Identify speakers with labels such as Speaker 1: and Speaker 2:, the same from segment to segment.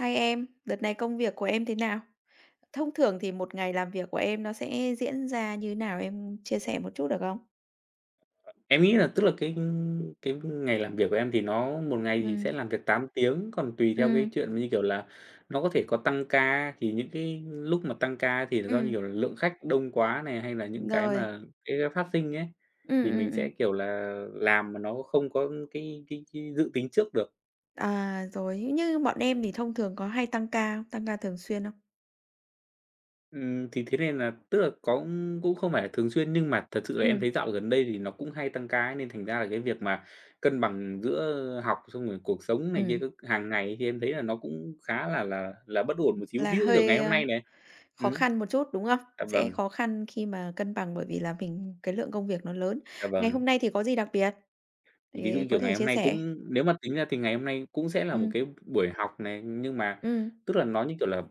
Speaker 1: Hi em, đợt này công việc của em thế nào? Thông thường thì một ngày làm việc của em nó sẽ diễn ra như nào, em chia sẻ một chút được không?
Speaker 2: Em nghĩ là, tức là, cái cái ngày làm việc của em thì nó một ngày thì sẽ
Speaker 1: Ừm.
Speaker 2: làm việc 8 tiếng, còn tùy theo cái
Speaker 1: Ừm.
Speaker 2: chuyện như kiểu là nó có thể có tăng ca, thì những cái lúc mà tăng ca thì do, như
Speaker 1: Ừm.
Speaker 2: kiểu là, lượng khách đông quá nè, hay là những cái
Speaker 1: Rồi.
Speaker 2: mà cái, ơ, phát sinh ấy,
Speaker 1: Ừm,
Speaker 2: thì
Speaker 1: ừm,
Speaker 2: mình sẽ,
Speaker 1: ừm.
Speaker 2: kiểu là, làm mà nó không có cái cái cái dự tính trước được.
Speaker 1: À, rồi, nhưng bọn em thì thông thường có hay tăng ca không, tăng ca thường xuyên không?
Speaker 2: Ừm, thì thế nên là tức là có cũng không phải là thường xuyên nhưng mà thật sự là em thấy
Speaker 1: Ừm.
Speaker 2: dạo gần đây thì nó cũng hay tăng ca ấy, nên thành ra là cái việc mà cân bằng giữa học xong rồi cuộc sống này kia
Speaker 1: Ừm.
Speaker 2: cứ hằng ngày này kia, em thấy là nó cũng khá là là là bất ổn một xíu,
Speaker 1: Là
Speaker 2: ví dụ như kiểu ngày
Speaker 1: hơi,
Speaker 2: hôm
Speaker 1: a,
Speaker 2: nay nè.
Speaker 1: khó
Speaker 2: Ừm.
Speaker 1: khăn một chút, đúng không?
Speaker 2: À,
Speaker 1: Sẽ
Speaker 2: vâng.
Speaker 1: khó khăn khi mà cân bằng bởi vì là mình cái lượng công việc nó lớn.
Speaker 2: Dạ
Speaker 1: Ngày
Speaker 2: vâng.
Speaker 1: hôm nay thì có gì đặc biệt
Speaker 2: Ví dụ
Speaker 1: để
Speaker 2: như
Speaker 1: có
Speaker 2: kiểu
Speaker 1: thể
Speaker 2: ngày hôm
Speaker 1: chia
Speaker 2: nay
Speaker 1: sẻ?
Speaker 2: cũng nếu mà tính ra thì ngày hôm nay cũng sẽ là một
Speaker 1: Ừm.
Speaker 2: cái buổi học này, nhưng mà
Speaker 1: Ừm.
Speaker 2: tức là nó, như kiểu là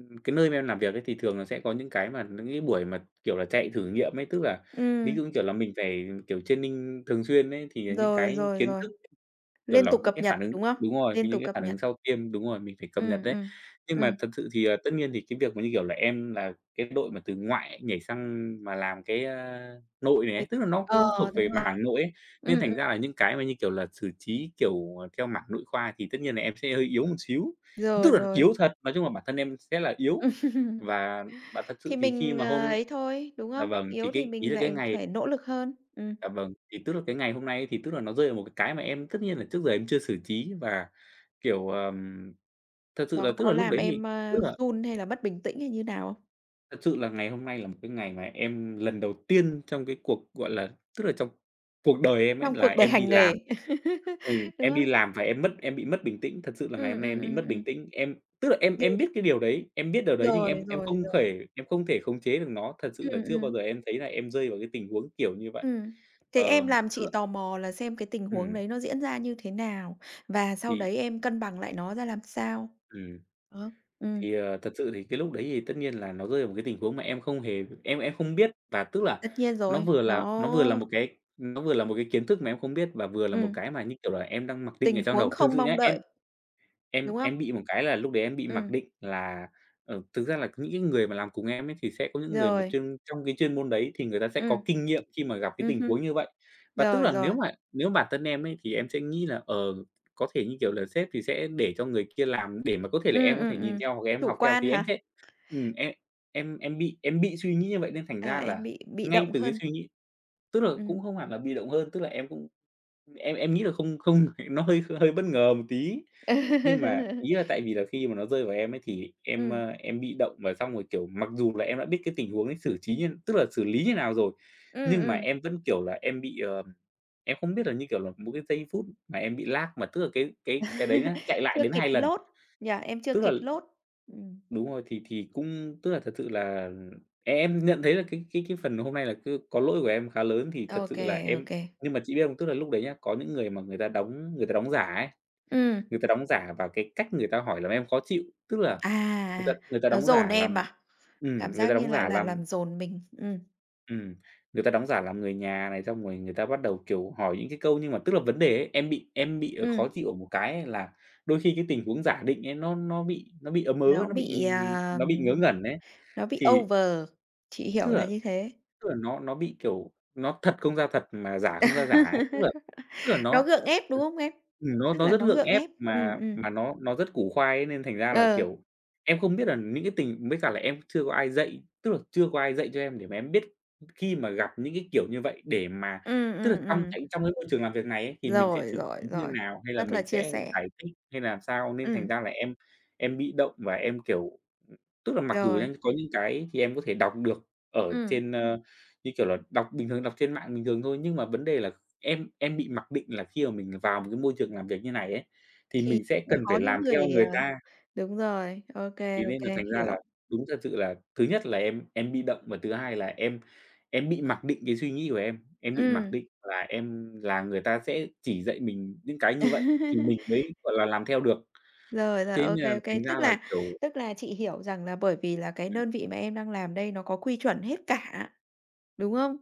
Speaker 2: ừm, cái nơi mà em làm việc ấy, thì thường là sẽ có những cái mà những cái buổi mà, kiểu là, chạy thử nghiệm ấy, tức là ví
Speaker 1: Ừm.
Speaker 2: dụ như kiểu là mình phải, kiểu, training thường xuyên ấy, thì những
Speaker 1: Rồi,
Speaker 2: cái
Speaker 1: rồi,
Speaker 2: kiến
Speaker 1: rồi.
Speaker 2: thức, kiểu
Speaker 1: Liên
Speaker 2: là,
Speaker 1: tục cập
Speaker 2: cái
Speaker 1: nhật,
Speaker 2: phản ứng
Speaker 1: đúng không?
Speaker 2: đúng rồi, kiểu,
Speaker 1: Liên
Speaker 2: những
Speaker 1: tục
Speaker 2: cái
Speaker 1: cập
Speaker 2: phản ứng
Speaker 1: nhật.
Speaker 2: sau tiêm đúng rồi, mình phải cập nhật
Speaker 1: Ừm,
Speaker 2: ấy.
Speaker 1: ừm,
Speaker 2: Nhưng mà
Speaker 1: ừm.
Speaker 2: thật sự thì, ờ, tất nhiên thì cái việc mà, như kiểu là, em là cái đội mà từ ngoại nhảy sang mà làm cái, a, nội này
Speaker 1: Với
Speaker 2: ấy, tức là nó
Speaker 1: ờ,
Speaker 2: cũng thuộc về
Speaker 1: đúng rồi.
Speaker 2: mảng nội ấy. Nên
Speaker 1: Ừm,
Speaker 2: thành ra
Speaker 1: ừm.
Speaker 2: là những cái mà, như kiểu là, xử trí kiểu theo mảng nội khoa thì tất nhiên là em sẽ hơi yếu một xíu.
Speaker 1: Rồi,
Speaker 2: Tức là
Speaker 1: rồi.
Speaker 2: yếu thật, nói chung là bản thân em sẽ là yếu. Và bà thật sự
Speaker 1: Thì
Speaker 2: thì khi
Speaker 1: mình,
Speaker 2: mà
Speaker 1: ờ,
Speaker 2: hôm
Speaker 1: ấy thôi, đúng
Speaker 2: à,
Speaker 1: không?
Speaker 2: vâng, thì
Speaker 1: Yếu thì
Speaker 2: cái ý
Speaker 1: mình
Speaker 2: là cái
Speaker 1: lại
Speaker 2: ngày
Speaker 1: phải nỗ lực hơn. Ừm.
Speaker 2: Dạ vâng. Thì tức là cái ngày hôm nay thì, tức là, nó rơi vào một cái cái mà em tất nhiên là trước giờ em chưa xử trí, và, kiểu, ờm, thật sự là,
Speaker 1: Nó
Speaker 2: tức
Speaker 1: có
Speaker 2: là, lúc
Speaker 1: làm
Speaker 2: đấy thì,
Speaker 1: em,
Speaker 2: tức
Speaker 1: a,
Speaker 2: là
Speaker 1: run hay là mất bình tĩnh hay như nào không?
Speaker 2: Thật sự là ngày hôm nay là một cái ngày mà em lần đầu tiên trong cái cuộc, gọi là tức là trong cuộc đời em ấy
Speaker 1: Trong
Speaker 2: là
Speaker 1: cuộc đời
Speaker 2: em đi
Speaker 1: hành
Speaker 2: làm.
Speaker 1: nghề,
Speaker 2: Ừm,
Speaker 1: đúng
Speaker 2: em đi
Speaker 1: không?
Speaker 2: làm và em mất em bị mất bình tĩnh, thật sự là ngày
Speaker 1: Ừm,
Speaker 2: hôm nay
Speaker 1: ừm,
Speaker 2: em bị
Speaker 1: ừm,
Speaker 2: mất bình
Speaker 1: ừm.
Speaker 2: tĩnh. Em tức là em
Speaker 1: Được
Speaker 2: em biết cái điều đấy, em biết điều đấy nhưng
Speaker 1: Rồi,
Speaker 2: em em
Speaker 1: rồi,
Speaker 2: không
Speaker 1: rồi.
Speaker 2: thể em không thể khống chế được nó. Thật sự là
Speaker 1: Ừm,
Speaker 2: chưa bao
Speaker 1: ừm.
Speaker 2: giờ em thấy là em rơi vào cái tình huống kiểu như vậy.
Speaker 1: Ừm, thế
Speaker 2: Ờ,
Speaker 1: em làm
Speaker 2: tức
Speaker 1: chị
Speaker 2: là
Speaker 1: tò mò là xem cái tình huống
Speaker 2: Ừm.
Speaker 1: đấy nó diễn ra như thế nào và sau
Speaker 2: Thì
Speaker 1: đấy em cân bằng lại nó ra làm sao?
Speaker 2: Ừm,
Speaker 1: Đó, ừm.
Speaker 2: thì, ờ, thật sự thì cái lúc đấy thì tất nhiên là nó rơi vào một cái tình huống mà em không hề em em không biết và tức là
Speaker 1: Tất nhiên
Speaker 2: nó
Speaker 1: rồi,
Speaker 2: vừa là nó vừa là
Speaker 1: nó
Speaker 2: một cái nó vừa là một cái kiến thức mà em không biết và vừa là một
Speaker 1: Ừm.
Speaker 2: cái mà, như kiểu là, em đang mặc định ở
Speaker 1: Tình
Speaker 2: trong
Speaker 1: huống
Speaker 2: đầu. Thực
Speaker 1: không
Speaker 2: sự
Speaker 1: mong
Speaker 2: nhá, em
Speaker 1: đợi,
Speaker 2: em
Speaker 1: đúng không?
Speaker 2: em bị một cái là lúc đấy em bị mặc
Speaker 1: Ừm.
Speaker 2: định là, ờ, thực ra là những cái người mà làm cùng em ấy thì sẽ có những người mà
Speaker 1: Rồi.
Speaker 2: chuyên trong cái chuyên môn đấy thì người ta sẽ có
Speaker 1: Ừm.
Speaker 2: kinh nghiệm khi mà gặp cái
Speaker 1: Ừm
Speaker 2: tình
Speaker 1: hưm.
Speaker 2: huống như vậy. Và tức
Speaker 1: Rồi,
Speaker 2: là nếu
Speaker 1: rồi.
Speaker 2: mà nếu bản thân em ấy thì em sẽ nghĩ là, ờ, có thể, như kiểu là, sếp thì sẽ để cho người kia làm để mà có thể là
Speaker 1: Ừm,
Speaker 2: em có thể
Speaker 1: ừm,
Speaker 2: nhìn
Speaker 1: ừm,
Speaker 2: theo hoặc là em
Speaker 1: chủ
Speaker 2: học theo
Speaker 1: quan
Speaker 2: thì em
Speaker 1: hả?
Speaker 2: sẽ ừm, em em em bị em bị suy nghĩ như vậy nên thành
Speaker 1: Ờ,
Speaker 2: ra là
Speaker 1: em bị bị
Speaker 2: ngay
Speaker 1: động
Speaker 2: từ cái
Speaker 1: hơn.
Speaker 2: suy nghĩ tức là cũng
Speaker 1: Ừm.
Speaker 2: không hẳn là bị động hơn, tức là em cũng em em nghĩ là không không nó hơi hơi bất ngờ một tí. Nhưng mà ý là tại vì là khi mà nó rơi vào em ấy thì em,
Speaker 1: Ừm.
Speaker 2: ơ, em bị động và xong rồi, kiểu, mặc dù là em đã biết cái tình huống ấy xử trí như tức là xử lý như nào rồi,
Speaker 1: Ừm,
Speaker 2: nhưng mà
Speaker 1: ừm.
Speaker 2: em vẫn, kiểu là, em bị, ờ em không biết là, như kiểu là, một cái giây phút mà em bị lag, mà tức là cái cái cái đấy nhá chạy lại
Speaker 1: Chưa
Speaker 2: đến
Speaker 1: kịp
Speaker 2: 2 lần.
Speaker 1: load, nhỉ? Em chưa
Speaker 2: Tức là
Speaker 1: kịp load. Ừm.
Speaker 2: đúng rồi, thì thì cũng tức là thật sự là em nhận thấy là cái cái cái phần hôm nay là cứ có lỗi của em khá lớn thì
Speaker 1: Ô
Speaker 2: thật sự là
Speaker 1: kê, ô
Speaker 2: em
Speaker 1: kê.
Speaker 2: nhưng mà chị biết không, tức là lúc đấy nhá, có những người mà người ta đóng người ta đóng giả ấy,
Speaker 1: Ừm.
Speaker 2: người ta đóng giả vào cái cách người ta hỏi làm em khó chịu, tức là người ta
Speaker 1: À,
Speaker 2: người ta
Speaker 1: nó
Speaker 2: đóng
Speaker 1: dồn
Speaker 2: giả
Speaker 1: em
Speaker 2: làm
Speaker 1: à? Cảm
Speaker 2: ừm, người
Speaker 1: giác
Speaker 2: ta
Speaker 1: như
Speaker 2: đóng
Speaker 1: là
Speaker 2: giả
Speaker 1: là
Speaker 2: làm
Speaker 1: làm dồn mình. Ừm.
Speaker 2: Ừm. Người ta đóng giả làm người nhà này xong rồi người ta bắt đầu, kiểu, hỏi những cái câu nhưng mà tức là vấn đề ấy, em bị em bị
Speaker 1: Ừm.
Speaker 2: khó chịu ở một cái là đôi khi cái tình huống giả định ấy nó nó bị nó bị ấm ớ,
Speaker 1: Nó
Speaker 2: nó bị,
Speaker 1: bị,
Speaker 2: ừm,
Speaker 1: à,
Speaker 2: nó bị ngớ ngẩn ấy,
Speaker 1: nó bị
Speaker 2: thì
Speaker 1: over, chị
Speaker 2: Tức
Speaker 1: hiểu là
Speaker 2: là
Speaker 1: như thế.
Speaker 2: tức là nó nó bị, kiểu, nó thật không ra thật mà giả không ra giả ấy, tức là tức là
Speaker 1: Nó
Speaker 2: nó,
Speaker 1: gượng ép, đúng không em?
Speaker 2: ừm, nó
Speaker 1: Tức
Speaker 2: nó
Speaker 1: là
Speaker 2: rất
Speaker 1: nó
Speaker 2: gượng
Speaker 1: gượng
Speaker 2: ép
Speaker 1: ép. Ừm,
Speaker 2: mà
Speaker 1: ừm.
Speaker 2: mà nó nó rất củ khoai ấy nên thành ra là,
Speaker 1: Ờ.
Speaker 2: kiểu, em không biết là những cái tình mới cả là em chưa có ai dạy tức là chưa có ai dạy cho em để mà em biết khi mà gặp những cái kiểu như vậy để mà
Speaker 1: Ừm,
Speaker 2: tức là
Speaker 1: ừm,
Speaker 2: trong
Speaker 1: ừm.
Speaker 2: cái trong cái môi trường làm việc này ấy thì mình sẽ
Speaker 1: Rồi,
Speaker 2: xử
Speaker 1: rồi,
Speaker 2: trí như
Speaker 1: rồi,
Speaker 2: nào hay là
Speaker 1: rất là
Speaker 2: mình
Speaker 1: chia
Speaker 2: sẽ
Speaker 1: sẻ.
Speaker 2: giải thích, hay làm sao nên thành
Speaker 1: Ừm.
Speaker 2: ra là em em bị động và em, kiểu, tức là mặc dù
Speaker 1: Rồi.
Speaker 2: em có những cái thì em có thể đọc được ở
Speaker 1: Ừm.
Speaker 2: trên, ơ, như kiểu là, đọc bình thường, đọc trên mạng bình thường thôi, nhưng mà vấn đề là em em bị mặc định là khi mà mình vào một cái môi trường làm việc như này ấy, thì
Speaker 1: Thì
Speaker 2: mình sẽ cần phải
Speaker 1: có những
Speaker 2: làm theo
Speaker 1: người, à,
Speaker 2: người ta.
Speaker 1: đúng rồi, ô kê,
Speaker 2: Thì
Speaker 1: ô
Speaker 2: nên là
Speaker 1: kê,
Speaker 2: thành ra là
Speaker 1: hiểu.
Speaker 2: đúng thật sự là thứ nhất là em em bị động và thứ hai là em em bị mặc định cái suy nghĩ của em, em bị mặc
Speaker 1: Ừm.
Speaker 2: định là em là người ta sẽ chỉ dạy mình những cái như vậy thì mình mới, gọi là, làm theo được.
Speaker 1: Rồi, rồi,
Speaker 2: Thế nên
Speaker 1: ô
Speaker 2: là
Speaker 1: kê, ô kê.
Speaker 2: thành ra
Speaker 1: Tức
Speaker 2: là,
Speaker 1: là
Speaker 2: kiểu
Speaker 1: tức là chị hiểu rằng là bởi vì là cái
Speaker 2: Ừm.
Speaker 1: đơn vị mà em đang làm đây nó có quy chuẩn hết cả, đúng không?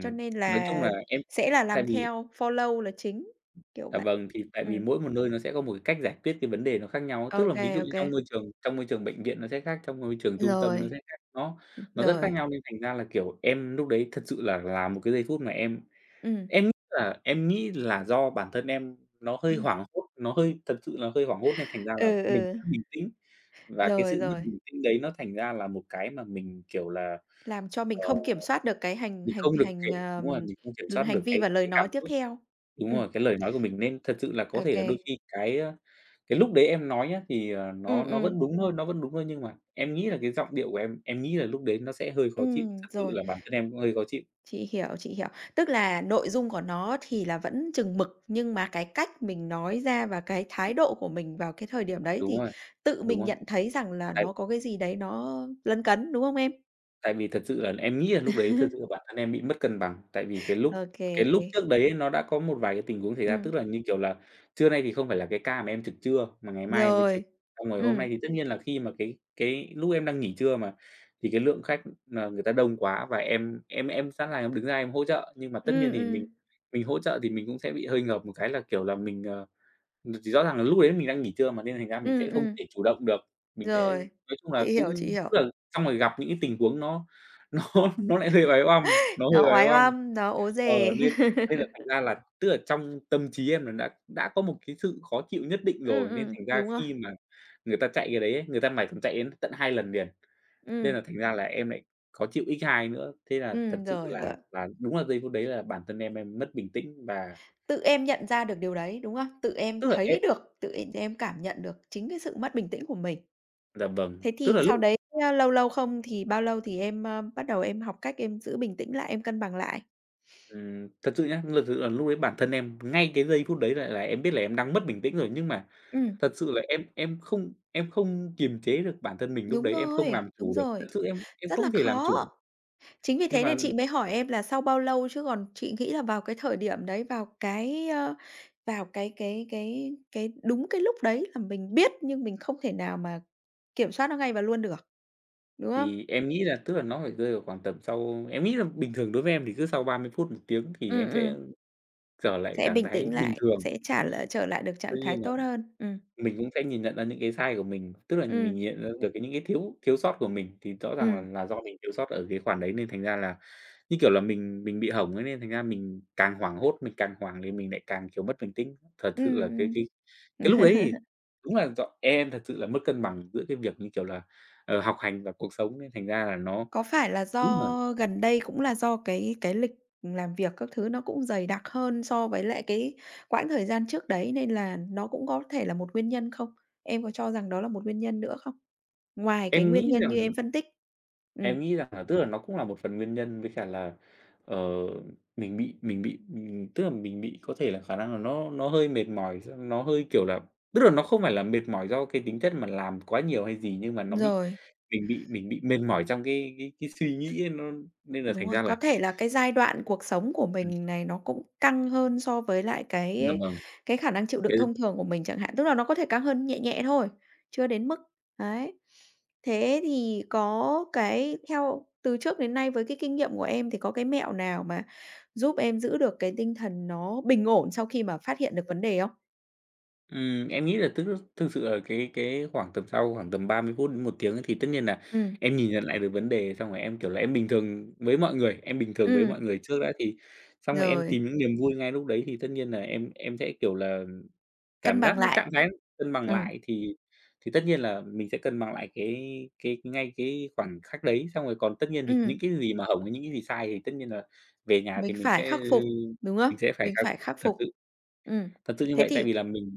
Speaker 1: Cho nên
Speaker 2: nói chung
Speaker 1: là
Speaker 2: là em
Speaker 1: sẽ
Speaker 2: em
Speaker 1: là
Speaker 2: tại
Speaker 1: làm
Speaker 2: vì
Speaker 1: theo follow là chính, kiểu
Speaker 2: Dạ
Speaker 1: vậy.
Speaker 2: vâng, thì tại vì
Speaker 1: Ừm.
Speaker 2: mỗi một nơi nó sẽ có một cái cách giải quyết cái vấn đề nó khác nhau,
Speaker 1: Ô
Speaker 2: tức là ví dụ
Speaker 1: kê, ô
Speaker 2: như trong
Speaker 1: kê.
Speaker 2: môi trường trong môi trường bệnh viện nó sẽ khác, trong môi trường trung tâm nó sẽ
Speaker 1: Rồi.
Speaker 2: khác. Nó
Speaker 1: Ừ,
Speaker 2: nó rất khác
Speaker 1: rồi.
Speaker 2: nhau nên thành ra là, kiểu, em lúc đấy thật sự là là một cái giây phút mà em
Speaker 1: Ừm.
Speaker 2: em nghĩ là em nghĩ là do bản thân em nó hơi
Speaker 1: Ừm.
Speaker 2: hoảng hốt, nó hơi thật sự là hơi hoảng hốt nên thành ra là
Speaker 1: Ừ,
Speaker 2: mình
Speaker 1: ừ.
Speaker 2: mất bình tĩnh và cái
Speaker 1: Rồi,
Speaker 2: sự mất
Speaker 1: rồi.
Speaker 2: bình tĩnh đấy nó thành ra là một cái mà mình, kiểu là,
Speaker 1: Làm cho mình
Speaker 2: ờ,
Speaker 1: không kiểm soát được cái hành
Speaker 2: mình
Speaker 1: hành
Speaker 2: không được
Speaker 1: hành,
Speaker 2: kiểm đúng rồi,
Speaker 1: ờm,
Speaker 2: mình không kiểm soát
Speaker 1: hành
Speaker 2: được
Speaker 1: vi
Speaker 2: cái
Speaker 1: và lời
Speaker 2: cái cảm
Speaker 1: nói tiếp
Speaker 2: xúc.
Speaker 1: theo.
Speaker 2: Đúng
Speaker 1: Ừm.
Speaker 2: rồi, cái lời nói của mình nên thật sự là có
Speaker 1: Ô
Speaker 2: thể là
Speaker 1: kê.
Speaker 2: đôi khi cái, ơ, cái lúc đấy em nói nhá thì, ờ, nó
Speaker 1: Ừm,
Speaker 2: nó
Speaker 1: ừm.
Speaker 2: vẫn đúng thôi, nó vẫn đúng thôi nhưng mà em nghĩ là cái giọng điệu của em em nghĩ là lúc đấy nó sẽ hơi khó chịu,
Speaker 1: Ừm,
Speaker 2: thật sự
Speaker 1: rồi.
Speaker 2: là bản thân em cũng hơi khó chịu.
Speaker 1: Chị hiểu, chị hiểu. Tức là nội dung của nó thì là vẫn chừng mực, nhưng mà cái cách mình nói ra và cái thái độ của mình vào cái thời điểm đấy
Speaker 2: Đúng
Speaker 1: thì
Speaker 2: rồi,
Speaker 1: tự
Speaker 2: đúng
Speaker 1: mình
Speaker 2: rồi.
Speaker 1: nhận thấy rằng là
Speaker 2: Đấy.
Speaker 1: nó có cái gì đấy nó lấn cấn, đúng không em?
Speaker 2: Tại vì thật sự là em nghĩ là lúc đấy thật sự là bản thân em bị mất cân bằng, tại vì cái
Speaker 1: Ô
Speaker 2: lúc
Speaker 1: kê,
Speaker 2: cái
Speaker 1: ô
Speaker 2: lúc
Speaker 1: kê.
Speaker 2: trước đấy nó đã có một vài cái tình huống xảy ra, tức
Speaker 1: Ừm.
Speaker 2: là như, kiểu là, trưa nay thì không phải là cái ca mà em trực trưa mà ngày mai em mới
Speaker 1: Rồi,
Speaker 2: trực. Xong rồi hôm nay
Speaker 1: ừm.
Speaker 2: thì tất nhiên là khi mà cái cái lúc em đang nghỉ trưa mà, thì cái lượng khách mà người ta đông quá và em em em sẵn là em đứng ra em hỗ trợ, nhưng mà tất nhiên
Speaker 1: Ừm,
Speaker 2: thì mình
Speaker 1: ừm.
Speaker 2: mình hỗ trợ thì mình cũng sẽ bị hơi ngợp một cái là, kiểu là, mình, ờ thì rõ ràng là lúc đấy mình đang nghỉ trưa mà nên thành ra mình
Speaker 1: Ừm,
Speaker 2: sẽ không
Speaker 1: ừm.
Speaker 2: thể chủ động được. Mình sẽ
Speaker 1: Rồi,
Speaker 2: nói chung là
Speaker 1: chị hiểu, chị
Speaker 2: cũng, tức
Speaker 1: hiểu.
Speaker 2: là xong rồi gặp những cái tình huống nó nó nó lại hơi oái ăm, nó
Speaker 1: Nó
Speaker 2: hơi oái
Speaker 1: oái
Speaker 2: ăm.
Speaker 1: oăm, nó ố
Speaker 2: Ờ,
Speaker 1: dề.
Speaker 2: nên nên là thành ra là tức là trong tâm trí em là đã đã có một cái sự khó chịu nhất định
Speaker 1: Ừm,
Speaker 2: rồi, nên
Speaker 1: ừm,
Speaker 2: thành ra
Speaker 1: đúng rồi.
Speaker 2: khi mà người ta chạy cái đấy ấy, người ta mải ch chạy đến tận 2 lần liền, nên
Speaker 1: Ừm.
Speaker 2: là thành ra là em lại khó chịu x 2 nữa. Thế là thật
Speaker 1: Ừm,
Speaker 2: sự
Speaker 1: rồi,
Speaker 2: là
Speaker 1: rồi.
Speaker 2: là đúng là giây phút đấy là bản thân em em mất bình tĩnh và
Speaker 1: Tự em nhận ra được điều đấy, đúng không? Tự em
Speaker 2: Tức là em
Speaker 1: thấy được, tự em em cảm nhận được chính cái sự mất bình tĩnh của mình.
Speaker 2: Dạ vâng,
Speaker 1: Thế
Speaker 2: tức
Speaker 1: thì
Speaker 2: là lúc
Speaker 1: sau đấy lâu lâu không, thì bao lâu thì em, ờ, bắt đầu em học cách em giữ bình tĩnh lại, em cân bằng lại?
Speaker 2: Ửm. Thật sự nhá, thật sự là lúc ấy bản thân em ngay cái giây phút đấy là là em biết là em đang mất bình tĩnh rồi, nhưng mà
Speaker 1: Ừm.
Speaker 2: thật sự là em em không em không kiềm chế được bản thân mình lúc
Speaker 1: Đúng
Speaker 2: đấy, em không
Speaker 1: rồi,
Speaker 2: làm
Speaker 1: đúng
Speaker 2: chủ được. Thật
Speaker 1: rồi.
Speaker 2: sự em em
Speaker 1: Rất là
Speaker 2: không thể làm
Speaker 1: khó.
Speaker 2: chủ.
Speaker 1: Chính vì
Speaker 2: Nhưng
Speaker 1: thế
Speaker 2: mà
Speaker 1: nên chị mới hỏi em là sau bao lâu, chứ còn chị nghĩ là vào cái thời điểm đấy, vào cái, ơ, vào cái cái cái cái đúng cái lúc đấy là mình biết nhưng mình không thể nào mà kiểm soát nó ngay và luôn được, đúng không?
Speaker 2: Thì em nghĩ là tức là nó phải rơi vào khoảng tầm sau em nghĩ là bình thường đối với em thì cứ sau 30 phút 1 tiếng thì em
Speaker 1: Ừm,
Speaker 2: sẽ
Speaker 1: ừm.
Speaker 2: trở lại
Speaker 1: Sẽ
Speaker 2: trạng
Speaker 1: bình
Speaker 2: thái
Speaker 1: tĩnh
Speaker 2: bình
Speaker 1: lại,
Speaker 2: thường.
Speaker 1: sẽ trả lại trở lại được trạng
Speaker 2: Tuy
Speaker 1: thái
Speaker 2: nhiên là
Speaker 1: tốt hơn. Ừm.
Speaker 2: mình cũng sẽ nhìn nhận ra những cái sai của mình. Tức là
Speaker 1: Ừm.
Speaker 2: mình nhận ra được những cái thiếu thiếu sót của mình, thì rõ
Speaker 1: Ừm.
Speaker 2: ràng nà do mình thiếu sót ở cái khoản đấy nên thành ra là như kiểu là mình mình bị hỏng ấy, nên thành ra mình càng hoảng hốt, mình càng hoảng thì mình lại càng, kiểu, mất bình tĩnh. Thật sự
Speaker 1: Ừm,
Speaker 2: là cái cái
Speaker 1: ừm.
Speaker 2: cái lúc đấy thì đúng là ch em thật sự là mất cân bằng giữa cái việc như kiểu là, ờ, học hành và cuộc sống nên thành ra là nó
Speaker 1: Có phải là
Speaker 2: đúng là
Speaker 1: do gần đây cũng là do cái cái lịch làm việc các thứ nó cũng dày đặc hơn so với lại cái quãng thời gian trước đấy nên là nó cũng có thể là một nguyên nhân không? Em có cho rằng đó là một nguyên nhân nữa không? Ngoài cái
Speaker 2: Em
Speaker 1: nguyên
Speaker 2: nghĩ
Speaker 1: nhân
Speaker 2: rằng
Speaker 1: như em phân tích. Ừm.
Speaker 2: Em nghĩ rằng nà tức là nó cũng là một phần nguyên nhân, với cả là, ờ, mình bị mình bị mình tức là mình bị có thể là khả năng là nó nó hơi mệt mỏi, gi nó hơi kiểu là tức là nó không phải là mệt mỏi do cái tính chất mà làm quá nhiều hay gì, nhưng mà nó bị
Speaker 1: Rồi.
Speaker 2: mình bị mình bị mệt mỏi trong cái cái cái suy nghĩ ấy, nó nên là
Speaker 1: Đúng
Speaker 2: thành
Speaker 1: rồi,
Speaker 2: ra
Speaker 1: có
Speaker 2: là
Speaker 1: thể là cái giai đoạn cuộc sống của
Speaker 2: Ừm.
Speaker 1: mình này nó cũng căng hơn so với lại
Speaker 2: Dạ
Speaker 1: cái
Speaker 2: vâng.
Speaker 1: cái khả năng chịu đựng
Speaker 2: Cái
Speaker 1: thông thường của mình chẳng hạn, tức là nó có thể căng hơn nhẹ nhẹ thôi, chưa đến mức, đấy. Thế thì có cái theo từ trước đến nay với cái kinh nghiệm của em thì có cái mẹo nào mà giúp em giữ được cái tinh thần nó bình ổn sau khi mà phát hiện được vấn đề không?
Speaker 2: Ừm, em nghĩ là thức thực sự là cái cái khoảng tầm sau khoảng tầm 30 phút đến 1 tiếng thì tất nhiên nà
Speaker 1: Ừm.
Speaker 2: em nhìn nhận lại được vấn đề, xong rồi em, kiểu là, em bình thường với mọi người, em bình thường với mọi
Speaker 1: Ừm.
Speaker 2: người trước đã. Thì xong rồi em
Speaker 1: Rồi.
Speaker 2: tìm những niềm vui ngay lúc đấy, thì tất nhiên nà em em sẽ, kiểu là,
Speaker 1: Cân
Speaker 2: cảm giác
Speaker 1: bằng
Speaker 2: nó
Speaker 1: lại.
Speaker 2: trạng thái cân bằng
Speaker 1: Ừm.
Speaker 2: lại thì thì tất nhiên là mình sẽ cân bằng lại cái cái ngay cái khoảnh khắc đấy, xong rồi còn tất nhiên thì
Speaker 1: Ừm.
Speaker 2: những cái gì mà hổng, những cái gì sai thì tất nhiên là về nhà thì
Speaker 1: Mình
Speaker 2: mình
Speaker 1: phải
Speaker 2: sẽ, ơ,
Speaker 1: khắc phục, đúng không?
Speaker 2: mình sẽ phải
Speaker 1: Mình phải
Speaker 2: thật
Speaker 1: khắc
Speaker 2: thật
Speaker 1: phục.
Speaker 2: sự.
Speaker 1: Ừm,
Speaker 2: Thật sự như
Speaker 1: Thế
Speaker 2: vậy, tại
Speaker 1: thì
Speaker 2: vì là mình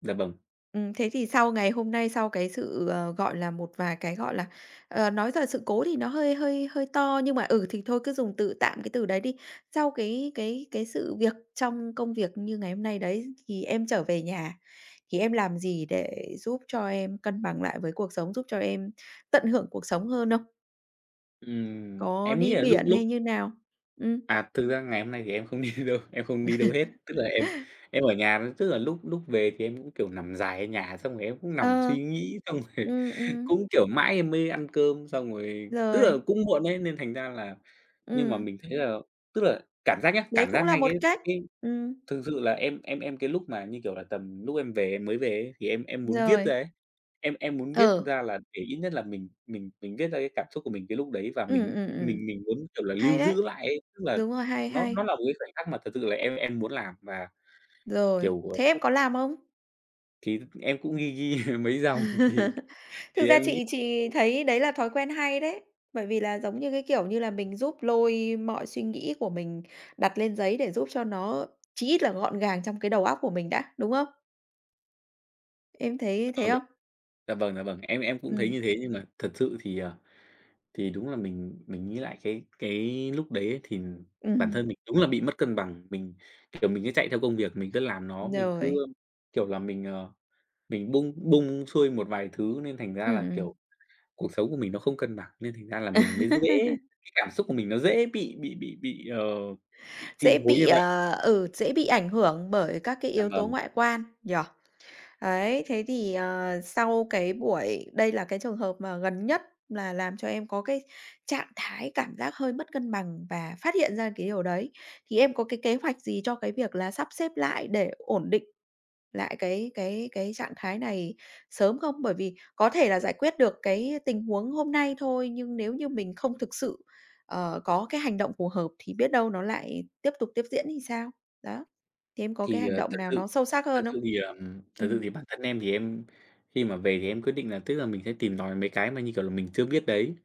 Speaker 2: dạ, vâng.
Speaker 1: Ừm, thế thì sau ngày hôm nay, sau cái sự, ờ, gọi là, một vài cái, gọi là, ờ, nói là sự cố thì nó hơi hơi hơi to, nhưng mà, ừ, thì thôi cứ dùng từ tạm cái từ đấy đi. Sau cái cái cái sự việc trong công việc như ngày hôm nay đấy thì em trở về nhà, thì em làm gì để giúp cho em cân bằng lại với cuộc sống, giúp cho em tận hưởng cuộc sống hơn không?
Speaker 2: Ừm,
Speaker 1: Có
Speaker 2: em nghĩ
Speaker 1: đi
Speaker 2: là lúc
Speaker 1: biển
Speaker 2: lúc
Speaker 1: hay như nào? Ừm.
Speaker 2: À, thực ra ngày hôm nay thì em không đi đâu, em không đi đâu hết, tức là em em ở nhà, tức là lúc lúc về thì em cũng, kiểu, nằm dài ở nhà xong rồi em cũng nằm
Speaker 1: Ờ.
Speaker 2: suy nghĩ, xong rồi
Speaker 1: Ừm, ừm.
Speaker 2: cũng, kiểu, mãi em mới ăn cơm xong rồi, tức là
Speaker 1: Rồi.
Speaker 2: cũng muộn ấy, nên thành ra là nhưng mà
Speaker 1: Ừm.
Speaker 2: mình thấy là tức là cảm giác nhá,
Speaker 1: Đấy
Speaker 2: cảm
Speaker 1: cũng
Speaker 2: giác
Speaker 1: là
Speaker 2: ngay
Speaker 1: một
Speaker 2: cái
Speaker 1: cách,
Speaker 2: cái
Speaker 1: ừm.
Speaker 2: thực sự là em em em cái lúc mà như, kiểu là, tầm lúc em về em mới về ấy thì em em muốn viết
Speaker 1: Rồi.
Speaker 2: ra ấy. Em em muốn viết
Speaker 1: Ừ.
Speaker 2: ra là để ít nhất là mình mình mình viết ra cái cảm xúc của mình cái lúc đấy và
Speaker 1: Ừm,
Speaker 2: mình
Speaker 1: ừm, ừm.
Speaker 2: mình mình muốn, kiểu là,
Speaker 1: Hay
Speaker 2: lưu
Speaker 1: đấy.
Speaker 2: giữ lại ấy, tức là
Speaker 1: Đúng rồi, hay,
Speaker 2: nó
Speaker 1: hay.
Speaker 2: nó là một cái khoảnh khắc mà thật sự là em em muốn làm mà,
Speaker 1: Rồi,
Speaker 2: kiểu, ờ
Speaker 1: thế em có làm không?
Speaker 2: Thì em cũng ghi ghi mấy dòng, thì
Speaker 1: Thực
Speaker 2: thì
Speaker 1: ra
Speaker 2: em nghĩ
Speaker 1: chị chị thấy đấy là thói quen hay đấy. Bởi vì là giống như cái kiểu như là mình giúp lôi mọi suy nghĩ của mình đặt lên giấy để giúp cho nó, chí ít là, gọn gàng trong cái đầu óc của mình đã, đúng không? Em thấy thế
Speaker 2: [unintelligible]
Speaker 1: không?
Speaker 2: Dạ vâng, dạ vâng, em em cũng thấy
Speaker 1: Ừm.
Speaker 2: như thế, nhưng mà thật sự thì, ờ, thì đúng là mình mình nghĩ lại cái cái lúc đấy thì bản
Speaker 1: Ừm.
Speaker 2: thân mình đúng là bị mất cân bằng, mình, kiểu, mình cứ chạy theo công việc, mình cứ làm nó, mình cứ,
Speaker 1: Rồi.
Speaker 2: kiểu là, mình, ờ, mình bung bung xuôi một vài thứ, nên thành ra là,
Speaker 1: Ừm,
Speaker 2: kiểu,
Speaker 1: ừm.
Speaker 2: cuộc sống của mình nó không cân bằng, nên thành ra là mình mới dễ cái cảm xúc của mình nó dễ bị bị bị bị, ờ, bị chi
Speaker 1: Dễ
Speaker 2: phối như
Speaker 1: bị,
Speaker 2: vậy.
Speaker 1: ờ, ừ, dễ bị ảnh hưởng bởi các cái
Speaker 2: Em
Speaker 1: yếu tố
Speaker 2: vâng.
Speaker 1: ngoại quan, nhỉ? Đấy, thế thì, ờ, sau cái buổi đây là cái trường hợp mà gần nhất là làm cho em có cái trạng thái cảm giác hơi mất cân bằng và phát hiện ra cái điều đấy. Thì em có cái kế hoạch gì cho cái việc là sắp xếp lại để ổn định lại cái cái cái trạng thái này sớm không? Bởi vì có thể là giải quyết được cái tình huống hôm nay thôi, nhưng nếu như mình không thực sự, ờ, có cái hành động phù hợp thì biết đâu nó lại tiếp tục tiếp diễn thì sao? Đó. Thế em có cái
Speaker 2: Thì,
Speaker 1: hành
Speaker 2: ờ,
Speaker 1: động
Speaker 2: thật
Speaker 1: nào
Speaker 2: sự
Speaker 1: nó sâu sắc
Speaker 2: thật
Speaker 1: hơn không?
Speaker 2: sự thì, ờm, thật sự
Speaker 1: Ừm.
Speaker 2: thì bản thân em thì em khi mà về thì em quyết định là tức là mình sẽ tìm tòi mấy cái mà như kiểu là mình chưa biết đấy,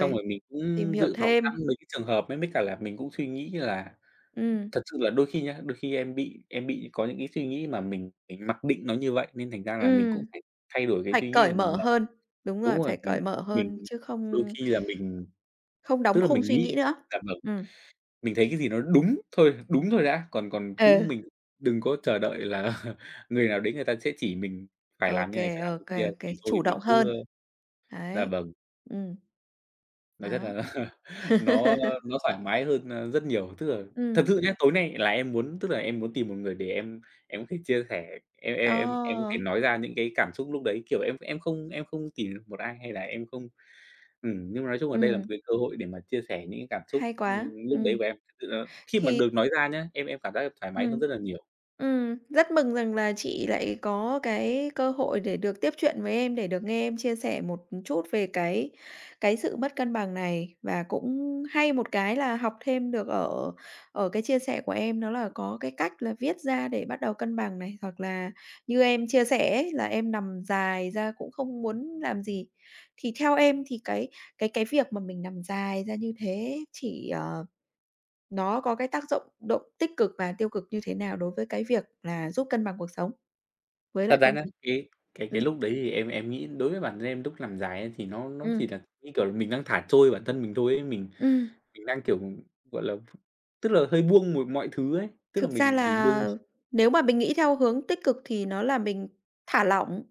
Speaker 2: xong rồi mình
Speaker 1: tìm
Speaker 2: cũng
Speaker 1: hiểu
Speaker 2: dự phòng sẵn
Speaker 1: thêm.
Speaker 2: mấy cái trường hợp. Mấy mấy cả là mình cũng suy nghĩ là
Speaker 1: Ừm.
Speaker 2: thật sự là đôi khi nhá, đôi khi em bị em bị có những cái suy nghĩ mà mình mình mặc định nó như vậy, nên thành ra là mình cũng
Speaker 1: Ừm.
Speaker 2: phải thay đổi cái
Speaker 1: Phải
Speaker 2: suy nghĩ
Speaker 1: cởi
Speaker 2: của mình
Speaker 1: mở
Speaker 2: là
Speaker 1: hơn đúng
Speaker 2: đúng
Speaker 1: rồi,
Speaker 2: rồi,
Speaker 1: phải
Speaker 2: mình
Speaker 1: cởi mở
Speaker 2: mình
Speaker 1: hơn, chứ
Speaker 2: đôi
Speaker 1: không
Speaker 2: khi là mình
Speaker 1: không
Speaker 2: tức
Speaker 1: đóng
Speaker 2: là
Speaker 1: khung
Speaker 2: mình
Speaker 1: suy
Speaker 2: nghĩ
Speaker 1: nghĩ nữa.
Speaker 2: dạ vâng.
Speaker 1: Ừm.
Speaker 2: Mình thấy cái gì nó đúng thôi đúng thôi đã, còn còn
Speaker 1: Ừ.
Speaker 2: cũng mình đừng có chờ đợi là người nào đấy người ta sẽ chỉ mình phải làm
Speaker 1: OK,
Speaker 2: như này, phải làm như
Speaker 1: OK,
Speaker 2: kia.
Speaker 1: OK,
Speaker 2: Thì thôi
Speaker 1: chủ
Speaker 2: mình
Speaker 1: động
Speaker 2: cứ,
Speaker 1: hơn.
Speaker 2: ơ dạ
Speaker 1: Đấy.
Speaker 2: vâng.
Speaker 1: Ừm.
Speaker 2: Nó rất là
Speaker 1: Đó.
Speaker 2: nó nó thoải mái hơn, a, rất nhiều. Tức là thật
Speaker 1: Ừm.
Speaker 2: sự nhá, tối nay là em muốn tức là em muốn tìm một người để em em thích chia sẻ, em em em em thể
Speaker 1: Ờ.
Speaker 2: nói ra những cái cảm xúc lúc đấy, kiểu, em em không em không tìm được một ai hay là em không ừm, nhưng mà nói chung là đây là một
Speaker 1: Ừm.
Speaker 2: cái cơ hội để mà chia sẻ những cái cảm xúc,
Speaker 1: Hay quá,
Speaker 2: ưm, lúc đấy
Speaker 1: ừm.
Speaker 2: của em. Thực sự là khi mà
Speaker 1: Thì
Speaker 2: được nói ra nhá, em em cảm giác được thoải mái
Speaker 1: Ừm,
Speaker 2: hơn rất là nhiều.
Speaker 1: ừm, rất mừng rằng là chị lại có cái cơ hội để được tiếp chuyện với em, để được nghe em chia sẻ một, ừm, chút về cái cái sự mất cân bằng này và cũng hay một cái là học thêm được ở ở cái chia sẻ của em, đó là có cái cách là viết ra để bắt đầu cân bằng này, hoặc là như em chia sẻ ấy là em nằm dài ra cũng không muốn làm gì. Thì theo em thì cái cái cái việc mà mình nằm dài ra như thế chỉ, ờ nó có cái tác dụng động tích cực và tiêu cực như thế nào đối với cái việc là giúp cân bằng cuộc sống với
Speaker 2: Thật
Speaker 1: lại
Speaker 2: ra
Speaker 1: công
Speaker 2: nhá, cái cái cái
Speaker 1: ừm.
Speaker 2: lúc đấy thì em em nghĩ đối với bản thân em lúc nằm dài ấy, thì nó nó chỉ
Speaker 1: Ừm.
Speaker 2: là, như kiểu là, mình đang thả trôi bản thân mình thôi ấy, mình
Speaker 1: Ừm.
Speaker 2: mình đang, kiểu, gọi là, tức là hơi buông một mọi thứ ấy, tức là
Speaker 1: Thực ra
Speaker 2: mình mình buông
Speaker 1: là
Speaker 2: x
Speaker 1: nếu mà mình nghĩ theo hướng tích cực thì nó là mình thả lỏng.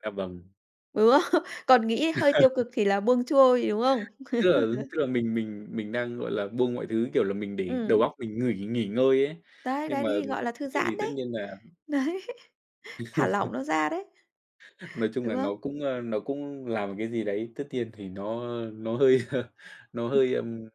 Speaker 2: Dạ vâng.
Speaker 1: Ừ. Còn nghĩ hơi tiêu cực thì là buông xuôi, đúng không?
Speaker 2: Tức là tức là mình mình mình đang, gọi là, buông mọi thứ, kiểu là, mình để đầu
Speaker 1: Ừm.
Speaker 2: óc mình nghỉ nghỉ ngơi ấy,
Speaker 1: Đấy, đấy,
Speaker 2: nhưng
Speaker 1: đấy
Speaker 2: mà
Speaker 1: thì gọi là thư
Speaker 2: sự thì
Speaker 1: giãn
Speaker 2: tất
Speaker 1: đấy.
Speaker 2: nhiên là
Speaker 1: Đấy. Thả lỏng nó ra đấy.
Speaker 2: Nói chung
Speaker 1: Đúng
Speaker 2: là nó
Speaker 1: không?
Speaker 2: cũng, ơ, nó cũng làm một cái gì đấy tất nhiên thì nó nó hơi nó hơi, ừm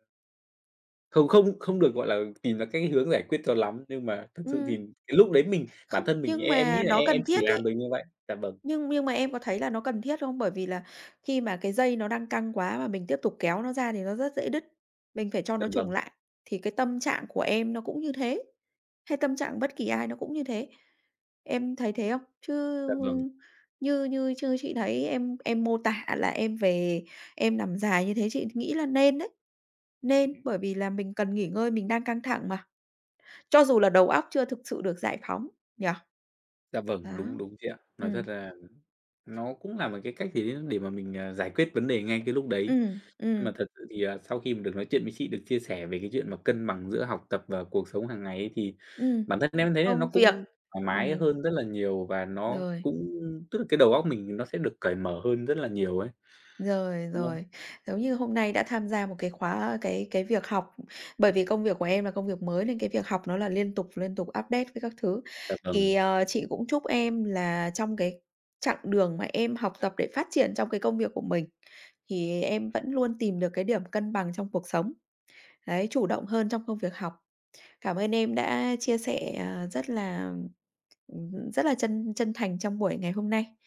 Speaker 2: Không không không được, gọi là, tìm ra cái hướng giải quyết cho lắm, nhưng mà thực sự thì
Speaker 1: Ừm.
Speaker 2: cái lúc đấy mình bản
Speaker 1: Không,
Speaker 2: thân mình
Speaker 1: nhưng
Speaker 2: em em nghĩ
Speaker 1: mà
Speaker 2: là
Speaker 1: nó
Speaker 2: em em
Speaker 1: cần
Speaker 2: chỉ
Speaker 1: thiết
Speaker 2: làm
Speaker 1: ấy.
Speaker 2: mình như vậy. Dạ vâng.
Speaker 1: Nhưng nhưng mà em có thấy là nó cần thiết không? Bởi vì là khi mà cái dây nó đang căng quá mà mình tiếp tục kéo nó ra thì nó rất dễ đứt, mình phải cho
Speaker 2: Dạ
Speaker 1: nó chùng
Speaker 2: vâng.
Speaker 1: lại, thì cái tâm trạng của em nó cũng như thế, hay tâm trạng bất kỳ ai nó cũng như thế. Em thấy thế không? Chứ,
Speaker 2: Dạ vâng.
Speaker 1: ư, như như chứ chị thấy em em mô tả là em về em nằm dài như thế chị nghĩ là nên đấy, nên
Speaker 2: Ừm.
Speaker 1: bởi vì là mình cần nghỉ ngơi, mình đang căng thẳng mà, cho dù là đầu óc chưa thực sự được giải phóng nhỉ?
Speaker 2: Dạ vâng, đúng,
Speaker 1: Đó.
Speaker 2: đúng chị ạ. Nói
Speaker 1: Ừm.
Speaker 2: thật là nó cũng là một cái cách gì đấy để mà mình, à, giải quyết vấn đề ngay cái lúc đấy.
Speaker 1: Ừm.
Speaker 2: Nhưng mà
Speaker 1: Ừm.
Speaker 2: thật sự thì, à, sau khi mà được nói chuyện với chị, được chia sẻ về cái chuyện mà cân bằng giữa học tập và cuộc sống hàng ngày ấy, thì
Speaker 1: Ừm.
Speaker 2: bản thân em thấy là
Speaker 1: Công
Speaker 2: nó
Speaker 1: việc.
Speaker 2: cũng thoải mái
Speaker 1: Ừm.
Speaker 2: hơn rất là nhiều, và nó
Speaker 1: Rồi.
Speaker 2: cũng tức là cái đầu óc mình nó sẽ được cởi mở hơn rất là nhiều ấy.
Speaker 1: Rồi,
Speaker 2: Đúng không?
Speaker 1: rồi. Giống như hôm nay đã tham gia một cái khóa cái cái việc học, bởi vì công việc của em là công việc mới nên cái việc học nó là liên tục, liên tục update các các thứ.
Speaker 2: Dạ
Speaker 1: Thì,
Speaker 2: vâng.
Speaker 1: ờ, chị cũng chúc em là trong cái chặng đường mà em học tập để phát triển trong cái công việc của mình thì em vẫn luôn tìm được cái điểm cân bằng trong cuộc sống. Đấy, chủ động hơn trong công việc học. Cảm ơn em đã chia sẻ, ờ, rất là, ừm, ừm hưm, rất là chân chân thành trong buổi ngày hôm nay.